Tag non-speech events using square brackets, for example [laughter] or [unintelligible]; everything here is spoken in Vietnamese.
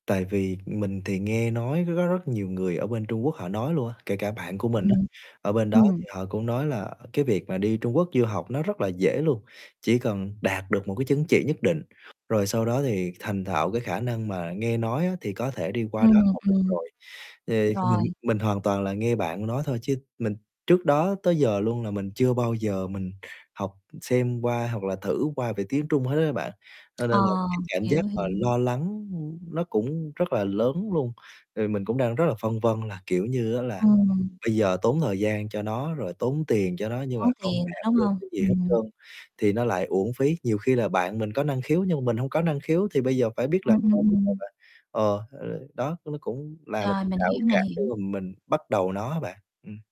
Tại vì mình thì nghe nói rất rất nhiều người ở bên Trung Quốc họ nói luôn á, kể cả bạn của mình á, Ừm, ở bên đó ừm. thì họ cũng nói là cái việc mà đi Trung Quốc du học nó rất là dễ luôn, chỉ cần đạt được một cái chứng chỉ nhất định, rồi sau đó thì thành thạo cái khả năng mà nghe nói á thì có thể đi qua đó Ừm, học được ừm. rồi. Thì mình Rồi. mình hoàn toàn là nghe bạn nói thôi chứ mình trước đó tới giờ luôn là mình chưa bao giờ mình học xem qua hoặc là thử qua về tiếng Trung hết á bạn, cho nên là, Ờ, cái, cảm giác hiểu, mà hiểu. lo lắng, ưm, nó cũng rất là lớn luôn. Ờ, mình cũng đang rất là phân vân là, kiểu như, á là Ừm. bây giờ tốn thời gian cho nó rồi tốn tiền cho nó nhưng mà Tốn không tiền nữa, đạt đúng được hông? cái gì hết Ừm. trơn thì nó lại uổng phí. Nhiều khi là bạn mình có năng khiếu nhưng mà mình hông có năng khiếu, thì bây giờ phải biết làm Ừm, ừm, sao bây giờ ừm. bạn, ờ, [unintelligible] đó, nó cũng là một Rồi, cái mình rào hiểu, mình cản để hiểu. mà mình bắt đầu nó á bạn, ừm.